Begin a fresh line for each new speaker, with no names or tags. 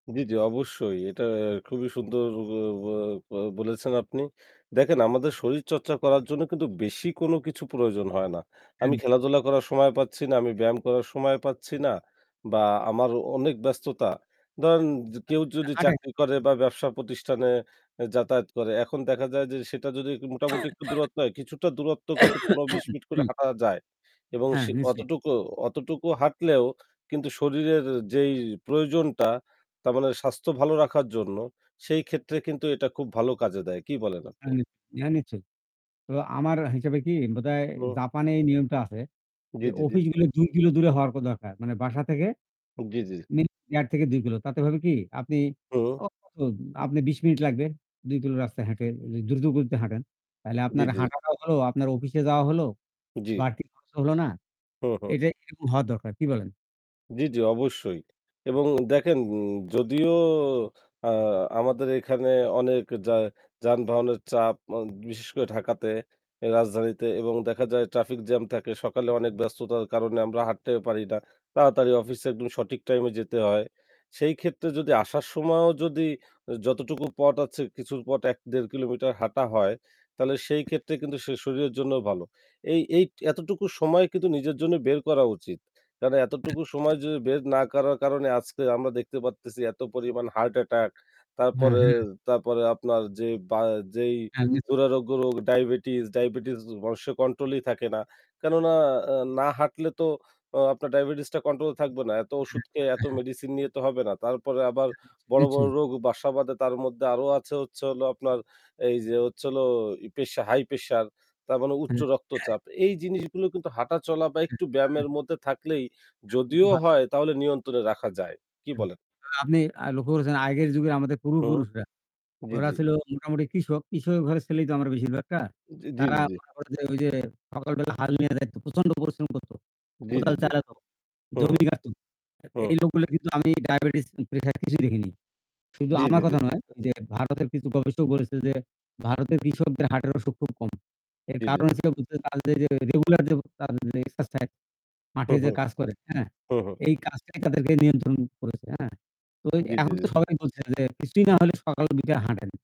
জি, জি, অবশ্যই এটা খুবই সুন্দর ব ব বো বলেছেন আপনি। দেখেন আমাদের শরীরচর্চা করার জন্য কিন্তু বেশি কোনো কিছু প্রয়োজন হয় না। আমি
হুম।
খেলাধুলা করার সময় পাচ্ছি না, আমি ব্যায়াম করার সময় পাচ্ছি না বা আমার অনেক ব্যস্ততা ধরেন য
আ
কেউ যদি
আ আটে।
চাকরি করে বা ব্যবসা প্রতিষ্ঠানে এ যাতায়াত করে। এখন দেখা যায় যে সেটা যদি মোটামুটি একটু দূরত্ব হয়, কিছুটা দূরত্ব কিন্তু ১৫-২০ মিনিট করে
হু।
হাঁটা যায়। এবং
হ্যাঁ,
সে
নিশ্চয়ই।
অতটুকু অতটুকু হাঁটলেও কিন্তু শরীরের যেই প্রয়োজনটা তার মানে স্বাস্থ্য ভালো রাখার জন্য সেই ক্ষেত্রে কিন্তু এটা খুব ভালো কাজে দেয়। কি বলেন
এ্যা
আপনি?
হ্যাঁ নিশ্চয়ই। তো আমার হিসেবে কি বোধহয়
[unintelligible]
জাপানে এই নিয়মটা আছে
জি,
যে
জি, জি।
অফিসগুলো ২ কিলো দূরে হওয়ার কো দরকার। মানে বাসা থেকে
জি, জি, জি।
১.৫ থেকে ২ কিলো তাতে হবে কি আপনি
হু।
কতক্ষণ আপনি ২০ মিনিট লাগবে ২ কিলো রাস্তায় হেটে দ্রুত গতিতে হাঁটেন। তাহলে
জি,
আপনার
জি।
হাঁটাটাও হল, আপনার অফিসে যাওয়া হল।
জি।
বাড়তি খরচ হল না।
হু, হু।
এটাই কিন্তু হওয়া দরকার, কি বলেন?
জি, জি, অবশ্যই। এবং দেখেন যদিও আ আমাদের এখানে অনেক যা যানবাহনের চাপ আ বিশেষ করে ঢাকাতে রাজধানীতে এবং দেখা যায় ট্রাফিক জ্যাম থাকে সকালে অনেক ব্যস্ততার কারণে আমরা হাঁটতে পারি না, তাড়াতাড়ি অফিসে একদম সঠিক টাইমে যেতে হয়। সেই ক্ষেত্রে যদি আসার সময়ও যদি আ যতটুকু পথ আছে কিছুর পথ ১-১.৫ কিলোমিটার হাঁটা হয় তাহলে সেই ক্ষেত্রে কিন্তু সে শরীরের জন্য ভালো। এই এই এতটুকু সময় কিন্তু নিজের জন্য বের করা উচিত। কেননা এতটুকু সময় যদি বের না করার কারণে আজকে আমরা দেখতে পারতেছি এত পরিমাণ হার্ট অ্যাটাক
হ্যাঁ,
তারপরে,
হ্যাঁ।
তারপরে আপনার যে বা যেই
হ্যাঁ, নিশ্চয়ই।
দুরারোগ্য রোগ, ডায়াবেটিস, ডায়াবেটিস মানুষের কন্ট্রোল ই থাকে না। কেননা আ না হাঁটলে তো আপনার ডায়াবেটিসটা কন্ট্রোল এ থাকবে না। এত
হু,
ওষুধ খেয়ে এত
হ্যাঁ, হ্যাঁ।
মেডিসিন নিয়ে তো হবে না। তারপরে আবার বড়, বড়
নিশ্চয়ই।
রোগ বাসা বাধে তার মধ্যে আরো আছে হচ্ছে হলো আপনার এই যে হচ্ছে হলো এই প্রেশা হাই প্রেশার তার মানে উচ্চ
হুম।
রক্তচাপ। এই জিনিসগুলো কিন্তু হাঁটা চলা বা একটু ব্যায়ামের
[unintelligible]
মধ্যে থাকলেই
একদম
যদিও
ভালো হয়।
হয় তাহলে নিয়ন্ত্রণে রাখা যায়। কী
হু,
বলেন?
আপনি আ লক্ষ্য করেছেন আগের যুগের আমাদের
হুম।
পূর্বপুরুষরা।
জি,
ওরা
জি।
ছিল মোটামুটি কৃষক, কৃষক ঘরের ছেলেই তো আমারা বেশিরভাগটা।
উম জি,
তারা
জি, জি।
মনে করে যে ঐ যে সকাল বেলা হাল নিয়ে যাইত। প্রচন্ড পরিশ্রম করত।
জি, জি,
কোদাল
জি।
চালাতো।
হু, হু।
জমি কাটত।
হুম।
এই লোকগুলো কিন্তু আমি ডায়াবেটিস প্রেশার কিছুই দেখিনি। শুধু
জি,
আমার
জি, জি।
কথা নয় যে ভারতের কিছু গবেষক বলেছে যে ভারতের কৃষকদের হার্টের অসুখ খুব কম। এর
জি, জি,
কারণ
জি।
হচ্ছে হলো তাদের যে রেগুলার যে এক্সারসাইজ
হু,
মাঠে
হু।
যে কাজ করে হ্যাঁ।
হু, হু।
এই কাজটাই তাদেরকে নিয়ন্ত্রণ করেছে হ্যাঁ? তো
জি, জি,
এখন তো
জি।
সবাই বলছে যে কিছুই না হলে সকাল বিকেল হাঁটেন।